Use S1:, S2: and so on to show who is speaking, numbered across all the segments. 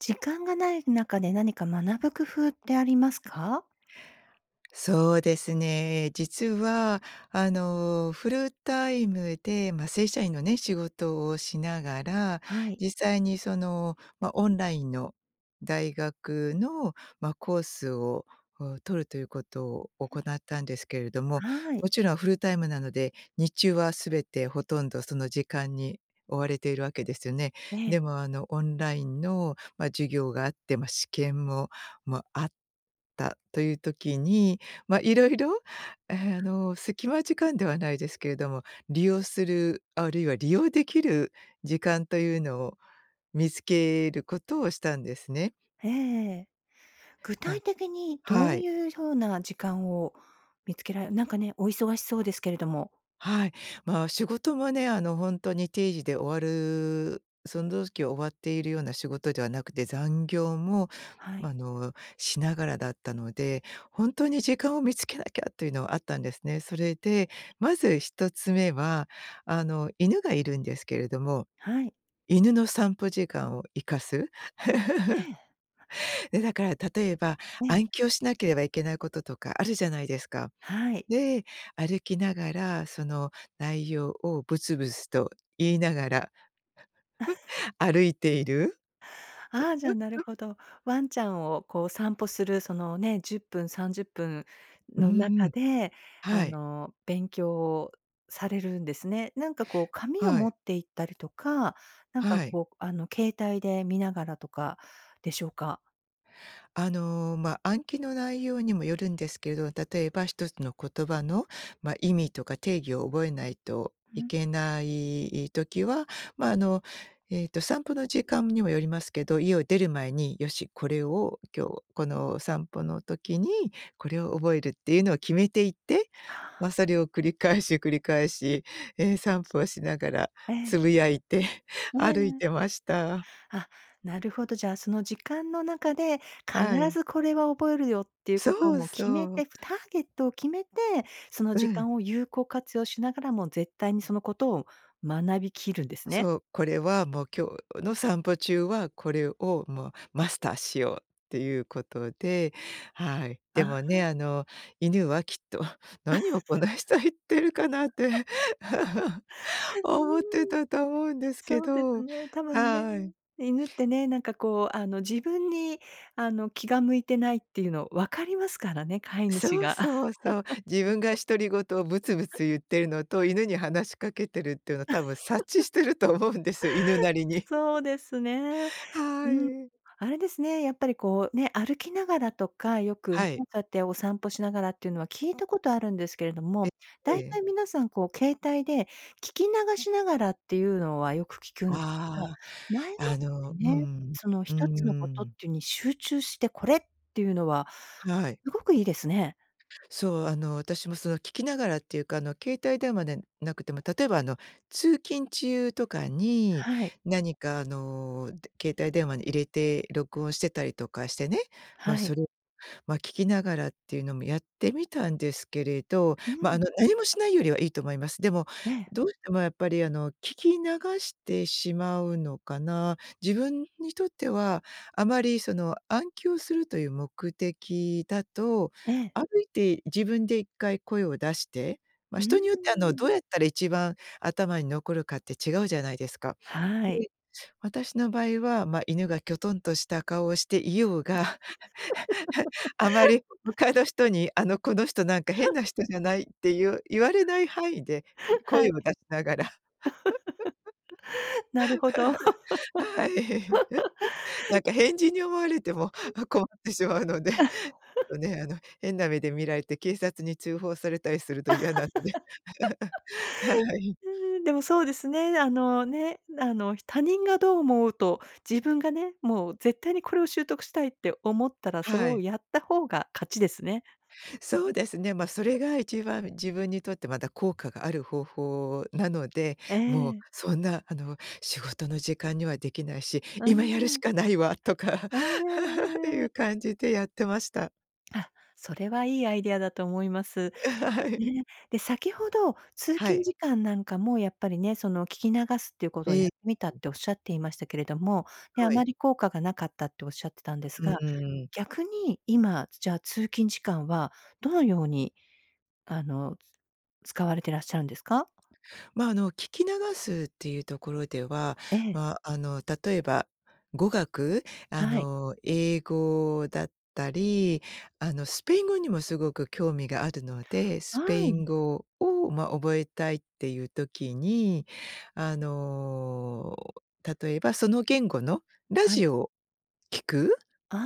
S1: 時間がない中で、何か学ぶ工夫ってありますか？
S2: そうですね。実は、あの、フルタイムで、ま、正社員のね、仕事をしながら、
S1: はい。
S2: 実際にその、ま、オンラインの大学の、ま、コースをを取るということを行ったんですけれども、
S1: は
S2: も
S1: い。
S2: ちろんフルタイムなので日中は全てほとんど、その時間に追われているわけですよね。
S1: ええ。
S2: でも、あの、オンラインの、ま、授業があって、ま、試験ももあったという時に、ま、色々あの、隙間時間ではないですけれども、利用する、あるいは利用できる時間というのを見つけることをしたんですね。
S1: ええ。具
S2: ま
S1: 体的にど
S2: は
S1: う
S2: い。
S1: いうひょうな時間を見つけられなんかね、お忙しそうですけれども。
S2: はい。まあ、仕事もね、あの、ほんとに定時で終わるそんどうしきは終わっているような仕事ではなくて、残業も、
S1: はい。
S2: あの、しながらだったので、ほんとに「時間を見つけなきゃ」というのはあったんですね。それでまず1つ目は、あの、犬がいるんですけれども、
S1: はい。
S2: 犬の散歩時間を活かす？
S1: え え。
S2: え、だから例えば、
S1: ええ。
S2: 暗記をしなければいけないこととか、あるじゃないですか？
S1: はい。
S2: で、歩きながらその内容をブツブツと言いながら 歩いている。
S1: あ、じゃあ、なる ほど。ワンちゃんをこう、散歩するそのね、10分、30分
S2: うん
S1: の
S2: う
S1: 中
S2: ん、
S1: であ
S2: はい。
S1: の、勉強をされるんですね。なんかこう、紙を
S2: は
S1: 持
S2: い。
S1: って行ったりとか、なんか
S2: はい。
S1: こう、あの、携帯で見ながらとかでしょうか？
S2: あの、ま、暗記の内容にもよるんですけど、例えば一つの言葉の、ま、意味とか定義を覚えないとい
S1: うん。
S2: けない、い時は、ま、あの、えっと、散歩の時間にもよりますけど、家を出る前に「よし、これを今日、この散歩の時にこれを覚える」っていうのを決めていて、
S1: あ
S2: ま、
S1: あ。
S2: それを繰り返し繰り返し、え、散歩をしながら
S1: ええ。
S2: 呟いて、
S1: え
S2: 歩い
S1: え。
S2: てました。
S1: あ、なるほど。じゃあ、その時間の中で、必
S2: はい。
S1: ずこれは覚えるよっていうこと
S2: そう
S1: も決め
S2: そう。
S1: て、ターゲットを決めて、その
S2: う
S1: 時
S2: ん。
S1: 間を有効活用しながらも、絶対にそのことを学びきるんですね。
S2: そう。これはもう今日の散歩中は、これをもうマスターしようっていうことで、はい。
S1: あ、
S2: で
S1: は
S2: もね、
S1: ん。
S2: あの、犬はきっと「何をこの 人言ってるかな？」って、
S1: うーん。
S2: 思ってたと思うんですけ
S1: そうです
S2: ど。
S1: ね。多分ね。
S2: はい。
S1: 犬ってね、なんかこう、あの、自分に、あの、気が向いてないっていうの分かりますからね、飼い主
S2: そう
S1: が。
S2: そうそう。自分が独り言をブツブツ 言ってるのと犬に話しかけてるっていうのは多分、察知 してると思うんですよ、犬なりに。
S1: そ うですね。
S2: は
S1: うん。
S2: い。
S1: あれですね、やっぱりこう、ね、歩きながらとか、よ
S2: は
S1: く、
S2: い。
S1: かってお散歩しながらっていうのは聞いたことあるんですけれど
S2: え、
S1: も、
S2: え
S1: 大
S2: え。
S1: 体皆さんこう携帯で聞き流しながらっていうのはよく聞くんです
S2: あ
S1: が、
S2: あ。
S1: 前もっ
S2: あ
S1: て
S2: の、う
S1: ね、
S2: ん、
S1: その
S2: うー
S1: 一つのことっ
S2: ん。
S1: ていうに集中してこれっていうのは、
S2: はい。
S1: うごく良いですね。
S2: そう、あの、私もその聞きながらっていうか、あの、携帯電話でなくても、例えば、あの、通勤中とかに
S1: はい。
S2: 何か、あの、で携帯電話に入れて録音してたりとかしてね、ま、
S1: はい。
S2: それ、ま、聞きながらっていうのもやってみたんですけれど、
S1: う
S2: ま、あ
S1: ん。
S2: の、何もしないよりは良いと思います。でも、
S1: ええ。
S2: どうしてもやっぱりあの、聞き流してしまうのかな？自分にとってはあまり、その、暗記をするという目的だと、
S1: ええ。
S2: 歩いて自分で一回声を出して、ま、
S1: うー
S2: 人によっては、あの、
S1: ん。
S2: どうやったら一番頭に残るかって違うじゃないですか。
S1: は
S2: で
S1: い。
S2: い、私の場合は、ま、犬がキョトンとした顔をしていようが、あまり他の人にあの「この人なんか変な人じゃない？」って言う言われない範囲で、
S1: は
S2: 声
S1: い。
S2: を出しながら。
S1: なるほど。
S2: はい。な んか変人に思われても
S1: うん。
S2: 困ってしまうので。と ね、あの、変な目で見られて警察に通報されたりすると嫌なので、は い。
S1: うーん、でもそうですね。あの、ね、あの、ひ他人がどう思うと、自分がね、もう絶対にこれを習得したいって思ったら、それ
S2: は
S1: を
S2: い。
S1: やった方が勝ちですね。
S2: そうですね。ま、それ が一番自分にとって、まだ効果がある方法なので、
S1: え
S2: もう、
S1: え。
S2: そんな、あの「仕事の時間には出来ないし、
S1: うー
S2: 今やるし
S1: ん。
S2: かないわ」とか、
S1: えええええ
S2: て
S1: ええ
S2: い
S1: え。
S2: う感じでやってました。
S1: あ、それは良いアイデアだと思います。
S2: あ、はい。
S1: ね。で、先ほど、通
S2: は
S1: 勤
S2: い。
S1: 時間なんかも、やっぱりね、その、聞き流すっていうことをやっ
S2: え
S1: てみたっ
S2: え。
S1: て、おっしゃっていましたけれども、で、あ
S2: はい。
S1: まり効果がなかったっておっしゃってたんです
S2: う
S1: が、
S2: ーん。
S1: 逆に、今、じゃあ、通勤時間は、どのように、あの、使われてらっしゃるんですか？
S2: ま、あの、聞き流すっていうところでは、
S1: ええ。
S2: ま、あの、例えば語学？あ
S1: はい。
S2: の、英語だったり、あの、スペイン語にもすごく興味があるので、スペ
S1: は
S2: イン
S1: い。
S2: 語を、ま、覚えたいっていう時に、あの、例えば、その言語のラ
S1: はい。
S2: ジオを聴く？
S1: あ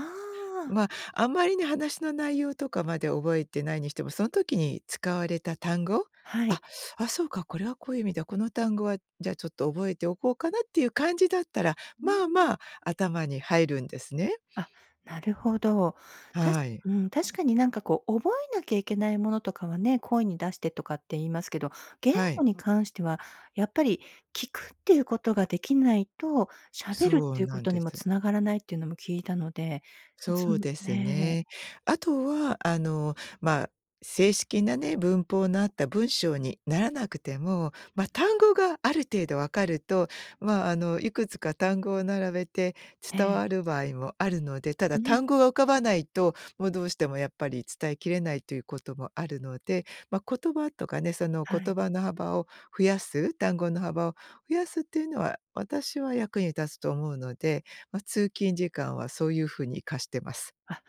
S1: あ。
S2: ま、あまりに話の内容とかまで覚えてないにしても、その時に使われた単語？
S1: は
S2: 「あっ！
S1: い。
S2: あ、そうか、これはこういう意味で、この単語はじゃあ、ちょっと覚えておこうかな？」っていう感じだったら、
S1: うー
S2: まあま
S1: ん。
S2: あ頭に入るんですね。
S1: あ、なるほど。たし
S2: はい。
S1: うん、確かになんかこう、覚えなきゃいけないものとかはね、声に出してとかって言いますけど、言
S2: は
S1: 語
S2: い。
S1: に関しては、やっぱり聞くっていうことが出来ないと、喋るっ
S2: そう
S1: ていう
S2: な
S1: こ
S2: ん
S1: とに
S2: で
S1: も
S2: す。
S1: 繋がらないっていうのも聞いたので、つ
S2: そう
S1: む
S2: です
S1: ね。
S2: ね。あとはあの、ま、正式なね、文法のあった文章にならなくても、ま、単語がある程度分かると、ま、あの、いくつか単語を並べて
S1: え
S2: 伝
S1: え。
S2: わる場合もあるので、た
S1: う
S2: だ単
S1: ん。
S2: 語が浮かばないと、もうどうしてもやっぱり伝えきれないということもあるので、ま、言葉とかね、その
S1: はい。
S2: 言葉の幅を増やす？単語の幅を増やすっていうのは、私は役に立つと思うので、ま、通勤時間はそういうふうに活かしてます。
S1: あ、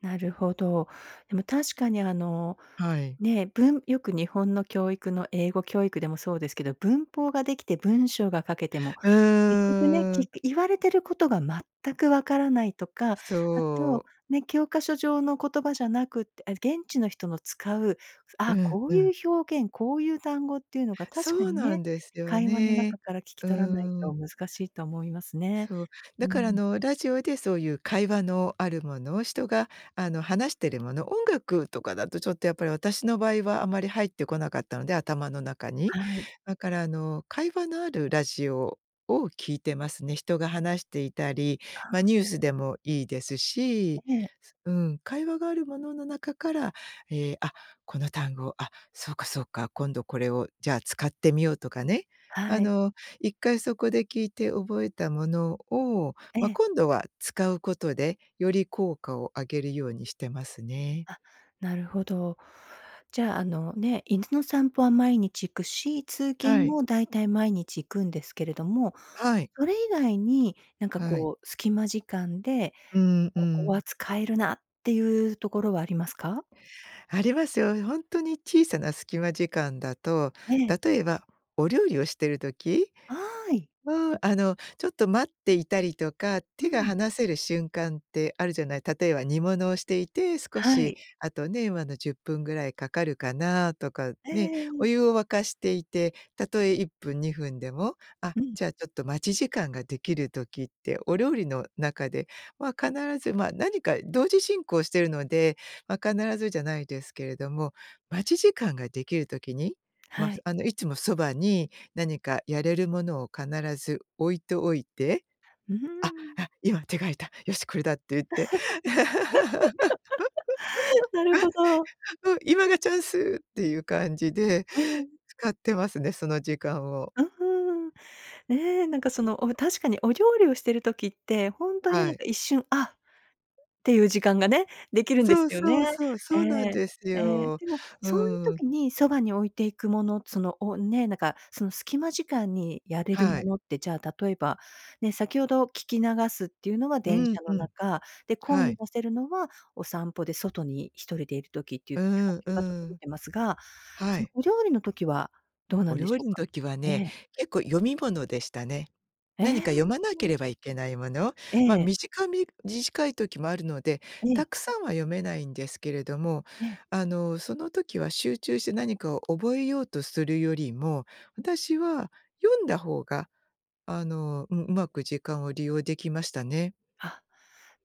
S1: なるほど。でも確かにあの、
S2: はい。
S1: ね、文よく日本の教育の英語教育でもそうですけど、文法が出来て文章が書けても、
S2: う
S1: 結局ね、
S2: ーん。
S1: き言われてることが全く分からないとか、あ
S2: そ
S1: と、
S2: う。
S1: ね、教科書上の言葉じゃなくて、え、現地の人の使う、
S2: う
S1: あ、
S2: ん、
S1: こう
S2: う
S1: いう
S2: ん。
S1: 表現、こういう単語っていうのが
S2: そ
S1: 確か
S2: う
S1: に
S2: な
S1: ね、
S2: んですよ
S1: 会話の
S2: ね。
S1: 中から聞き
S2: う
S1: 取らない
S2: ー
S1: と
S2: ん。
S1: 難しいと思いますね。
S2: そう。
S1: う
S2: だからあ
S1: ん。
S2: の、ラジオでそういう会話のあるもの？人が、あの、話してるもの、音楽とかだとちょっとやっぱり私の場合は、あまり入ってこなかったので、頭の中に。
S1: はい。
S2: だからあの、会話のあるラジオを聴いてますね。人が話していたり、
S1: は
S2: ま、
S1: あ。
S2: ニュースでもいいですし
S1: ええ。
S2: うん、会話があるものの中から、ええ「あ、この単語、あ、そうかそうか、今度これをじゃあ、使ってみよう」とかね。あ
S1: はい。
S2: の、一回そこで聞いて覚えたものを、
S1: え
S2: ま、
S1: え。
S2: 今度は使うことでより効果を上げるようにしてますね。
S1: あ、なるほど。じゃあ、あの、ね、犬の散歩は毎日行くし、通
S2: は
S1: 勤
S2: い。
S1: も大体毎日行くんですけれども、
S2: はい。
S1: それ以外に、なんか
S2: はい。
S1: こう、隙間時間で、
S2: うんう
S1: ここ
S2: ん。
S1: は使えるなっていうところはありますか？
S2: ありますよ。ほんとに小さな隙間時間だと、
S1: ええ。
S2: 例えばお料理をしてる時？
S1: あい。
S2: まあ、あの、ちょっと待っていたりとか、
S1: う
S2: 手が
S1: ん。
S2: 離せる瞬間ってあるじゃない、例えば煮物をしていて、少
S1: は
S2: し、
S1: い。
S2: あとね、ま、あの、10分ぐらいかかるかな？とか、
S1: えええ
S2: ね、
S1: ええ
S2: お
S1: え。
S2: 湯を沸かしていて、たとえ1分、2分でも、あ、
S1: うん。
S2: じゃあ、ちょっと待ち時間ができる時ってお料理の中では必ず、ま、何か同時進行してるので、ま、必ずじゃないですけれども、待ち時間ができる時に、ま、
S1: は
S2: す
S1: い。
S2: あの、いつもそばに、何かやれるものを必ず置いておいて
S1: うー
S2: 「あ、
S1: ん。
S2: あ、今、手が空いた、よしこれだ」って言って、
S1: なるほど。
S2: うん、今がチャンスっていう感じで、
S1: ええ。
S2: 使ってますね、その時間を。
S1: うーん。え、なんかその、お確かに、お料理をしてる時って、ほんとに
S2: は
S1: なん
S2: い。
S1: か一瞬「あっ」ていう時間がね、できるんで
S2: そ
S1: す
S2: う
S1: よね。
S2: そうそう、そ
S1: え
S2: うなん
S1: え、
S2: です
S1: ええ。
S2: よ。
S1: でも、
S2: う
S1: そういう
S2: ーん。
S1: 時にそばに置いていくもの、その、おね、なんか、その隙間時間にやれる
S2: は
S1: も
S2: い。
S1: のって、じゃあ、例えば、ね、先ほど聞き流すっていうのは
S2: う
S1: 電
S2: ん
S1: 車の
S2: うん。
S1: 中、で、故意
S2: は
S1: に
S2: い。
S1: させるのはお散歩で外に一人でいる時っていう、
S2: うー
S1: きか
S2: んう
S1: けが整
S2: ー
S1: っ
S2: ん。
S1: てますが、
S2: は
S1: その
S2: い。
S1: お料理の時はどうな
S2: お
S1: んでし
S2: 料
S1: ょう
S2: 理ん
S1: か？
S2: 時は
S1: え
S2: ね、
S1: え。
S2: 結構、読み物でしたね。
S1: え！え
S2: 何か読まなけ
S1: え。
S2: ればいけないもの？
S1: え
S2: ま、
S1: え。
S2: 短みじじかい時もあるので、
S1: え
S2: た
S1: え。
S2: くさんは読めないんですけれども、
S1: ええ。
S2: あの、その時は集中して何かを覚えようとするよりも、私は読んだ方が、あの、うん、うまく時間を利用できましたね。
S1: あ、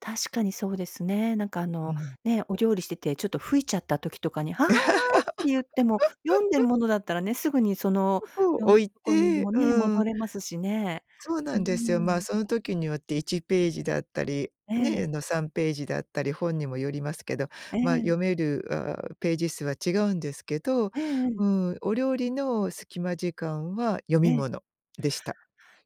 S1: 確かにそうですね。なんかあ
S2: う
S1: の、
S2: ん。
S1: ね、お料理しててちょっと吹いちゃった時とかに「ははは」って言っても、読んでる ものだったらね、すぐにその
S2: 服を
S1: 読
S2: 置
S1: む
S2: い
S1: [unintelligible] に
S2: て、
S1: もね、
S2: う
S1: 戻
S2: ん。
S1: れますしね。
S2: そうな
S1: うー
S2: んですよ。ま、
S1: ん。
S2: その時によって1ページだったり、
S1: え
S2: ね、
S1: え。
S2: あの3ページだったり本にもよりますけど、
S1: え
S2: ま、
S1: え。
S2: 読める、ああ、ページ数は違うんですけど、
S1: ええええ。
S2: うん、お料理の隙間時間は読
S1: え
S2: み
S1: え。
S2: 物でした。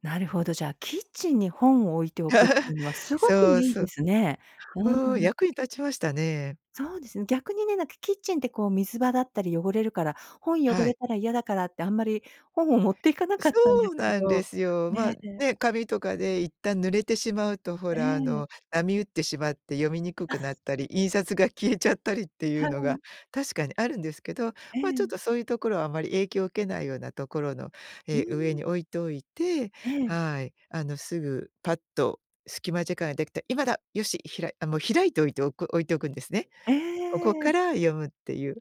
S1: なるほど、じゃあ、キッチンに本を置いておくっていうのは すごく
S2: そう
S1: いいで
S2: そ
S1: すね。う
S2: おお、
S1: ーん。
S2: 役に立ちましたね。
S1: そうですね、逆にね、なんかキッチンってこう水場だったり汚れるから、本汚
S2: は
S1: れ
S2: い。
S1: たら嫌だからってあんまり本を持って行かなかったんで
S2: そう
S1: すけ
S2: なんで
S1: ど、
S2: すよ。ま、
S1: ね、で
S2: ね、紙とかで一旦濡れてしまうとほ
S1: え
S2: らあ
S1: え。
S2: の波打ってしまって読みにくくな ったり、印刷が消えちゃったりっていう
S1: は
S2: のが
S1: い。
S2: 確かにあるんですけど、
S1: え
S2: まちょっ
S1: え。
S2: とそういうところはあまり影響を受けないようなところの、
S1: う
S2: ええ、上
S1: ーん。
S2: に置いといて、
S1: ええ。
S2: はい。あのすぐパッと隙間時間ができたら、今だ、よし、ひらあ、もう開いといておく置いておくんですね。
S1: え
S2: ここ
S1: え。
S2: から読むっていう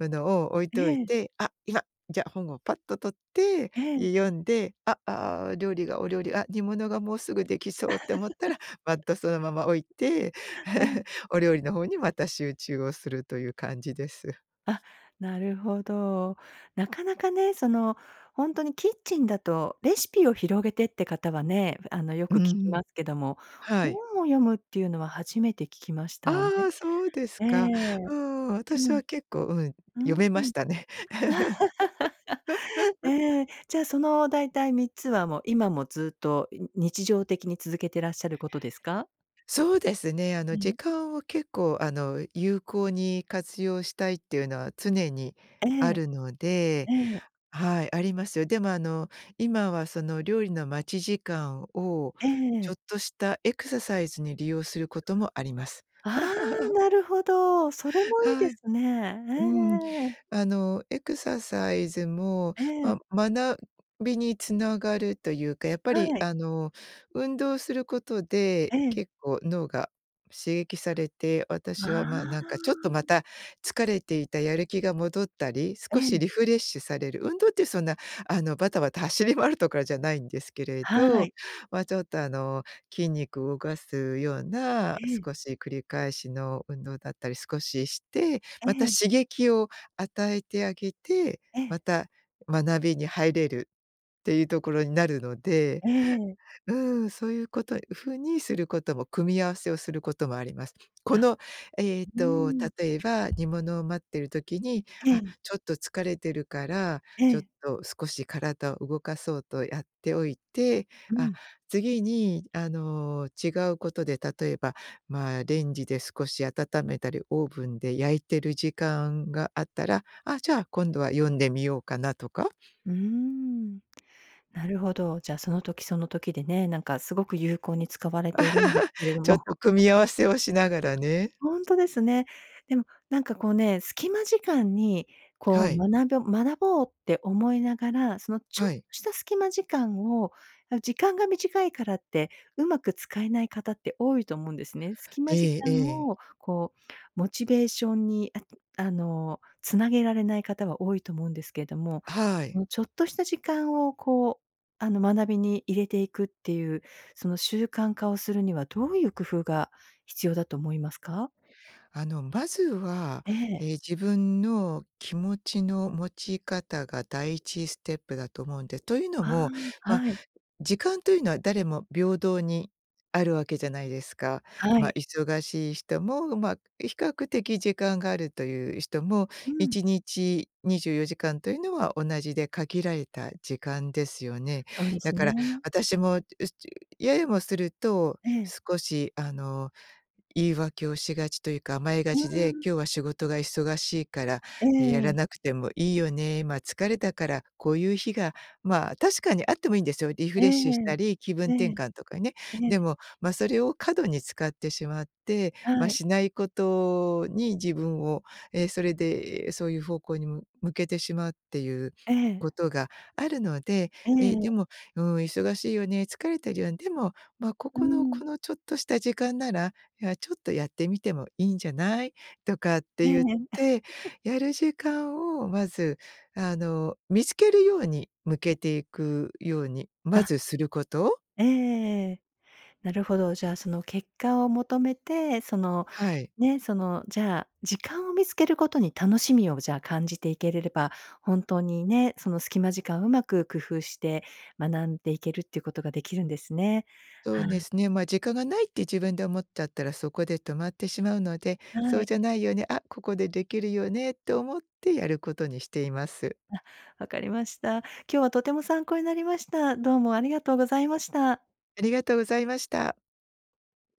S2: ものを置い
S1: え
S2: ておい
S1: え。
S2: て、あ、いや、じゃ本をパッと取って、
S1: ええ。
S2: 読んで、あ、ああ、料理がお料理あ、煮物がもうすぐできそうって思ったら、ま たそのまま置いて、
S1: ええ。
S2: お料理の方にまた集中をするという感じです。
S1: あっ、なるほど。なかなかね。その、ほんとにキッチンだと、レシピを広げてって方はね、あの、よ
S2: う
S1: く聞き
S2: ん、
S1: ますけども、
S2: は
S1: 本
S2: い。
S1: を読むっていうのは初めて聞きましたね。
S2: ああ、そうです
S1: ええ、
S2: か。うん、私
S1: うん、
S2: は
S1: う
S2: 結構、うん、
S1: ー
S2: 読めま
S1: ん。
S2: したね。
S1: ええ、じゃあその大体3つはもう今もずっと、ん、日常的に続けてらっしゃることですか？
S2: そうですね。あの
S1: う
S2: 時
S1: ん。
S2: 間を結構あの有効に活用したいっていうのは、常に
S1: え
S2: あ
S1: え。
S2: るので、
S1: ええ。
S2: はい、ありますよ。でもあの今はその料理の待ち時間を、
S1: え
S2: ちょ
S1: え。
S2: っとしたエクササイズに利用することもあります。
S1: ああ、なるほど。それもいい
S2: は
S1: で
S2: い。
S1: すね。
S2: うん、
S1: ええ。
S2: あのエクササイズも、
S1: ええ。
S2: ま学びにつながるというか、やっぱり
S1: はい。
S2: あの運動することで
S1: ええ。
S2: 結構脳が刺激されて、私は、ま、
S1: あ
S2: なんかちょっ
S1: あ。
S2: とまた疲れていたやる気が戻ったり、
S1: え
S2: 少し
S1: え。
S2: リフレッシュされる。運動っていうそんなあのバタバタ走り回るとかじゃないんですけれ
S1: は
S2: ど、
S1: い。
S2: ま、ちょっとあの筋肉を動かすような
S1: ええ。
S2: 少し繰り返しの運動だったり少しして、
S1: え
S2: また
S1: え。
S2: 刺激を与えてあげて、
S1: え
S2: ま
S1: え。
S2: た学びに入れるっていうところになるので、
S1: ええ。
S2: うん、そういうこと風にすることも組み合わせをすることもあります。こ
S1: あ、
S2: の、えっ
S1: う
S2: と
S1: ーん。
S2: 例えば煮物を待っている時に、
S1: え
S2: あ、
S1: え。
S2: ちょっと疲れてるから、
S1: え
S2: ちょっ
S1: え。
S2: と少し体を動かそうとやっておいて、
S1: う
S2: あ、
S1: ん。
S2: 次にあの違うことで例えば、まあレンジで少し温めたり、オーブンで焼いてる時間があったら、あ、じゃあ今度は読んでみようかなとか。
S1: うーん。なるほど。じゃ、その時その時でね、なんかすごく有効に使われているんですけれ ど
S2: ちょっ
S1: も。
S2: と 組み合わせをしながらね。
S1: ほんとですね。でも、なんかこうね、隙間時間にこ
S2: は
S1: う
S2: い。
S1: 学ぶ学ぼうって思いながら、そのちょっ
S2: は
S1: と
S2: い。
S1: した隙間時間を、なん時間が短いからって、上手く使えない方って多いと思うんですね。隙
S2: え
S1: 間時
S2: え
S1: 間
S2: ええ。
S1: をこう、モチベーションに、あっんあの、繋げられない方は多いと思うんですけども、
S2: は
S1: そ
S2: い。
S1: の、ちょっとした時間を、こう、あの、学びに入れていくっていう、その、習慣化をするにはどういう工夫が必要だと思いますか？
S2: あのまずは、
S1: ええ。
S2: ええ、自分の気持ちの持ち方が第一ステップだと思うんで。というの
S1: あ
S2: も、
S1: あ、
S2: ま、
S1: はい。
S2: 時間というのは誰も平等にあるわけじゃないですか。
S1: は
S2: ま、
S1: い。
S2: 忙しい人も、ま、比較的時間があるという人も
S1: う
S2: い
S1: ん。
S2: ちにち24時間というのは同じで、限られた時間ですよね。
S1: そうで
S2: だ
S1: す
S2: から
S1: ね。
S2: 私も、うちややもすると
S1: ええ。
S2: 少しあの言い訳をしがちというか甘えが
S1: うー
S2: ちで、
S1: ん。
S2: 今日は仕事が忙しいから
S1: え
S2: や
S1: え。
S2: らなくてもいいよね。ま、疲れたからこういう日が、まあ確かにあってもいいんですよ。リフ
S1: え
S2: レッシュした
S1: え、
S2: り気分
S1: え
S2: 転
S1: え、
S2: 換とかね。
S1: え
S2: で
S1: え。
S2: も、ま、それを過度に使ってしまって、ま、
S1: はい。
S2: しないことに自分を、ええ、それでそういう方向にむ向けてしまうっていう
S1: え
S2: こ
S1: え。
S2: とがあるので、
S1: え
S2: ええ、で
S1: え。
S2: も、うーん、忙しいよね。疲れてるよ。でも、ま、こ
S1: う
S2: この
S1: ん。
S2: このちょっとした時間なら、いや、ちょっとやってみてもいいんじゃないとかって
S1: え
S2: 言っ
S1: え。
S2: て やる時間をまずあの、見つけるように向けていくように
S1: あ
S2: ま
S1: っ。
S2: ずすること。
S1: ええ。なるほど。じゃあ、その結果を求めて、その、
S2: はい。
S1: ね、その、じゃあ、時間を見つけることに楽しみをじゃあ、感じていけれれば、本当にね、その隙間時間うまく工夫して学んでいけるっていうことができるんですね。
S2: そ
S1: は
S2: うで
S1: い。
S2: すね。ま、時間がないって自分で思っちゃったらそこで止まってしまうので、
S1: は
S2: そう
S1: い。
S2: じゃないよね、あ、ここでできるよねと思ってやることにしています。
S1: あ、分かりました。今日はとても参考になりました。どうもありがとうございました。
S2: ありがとうございました。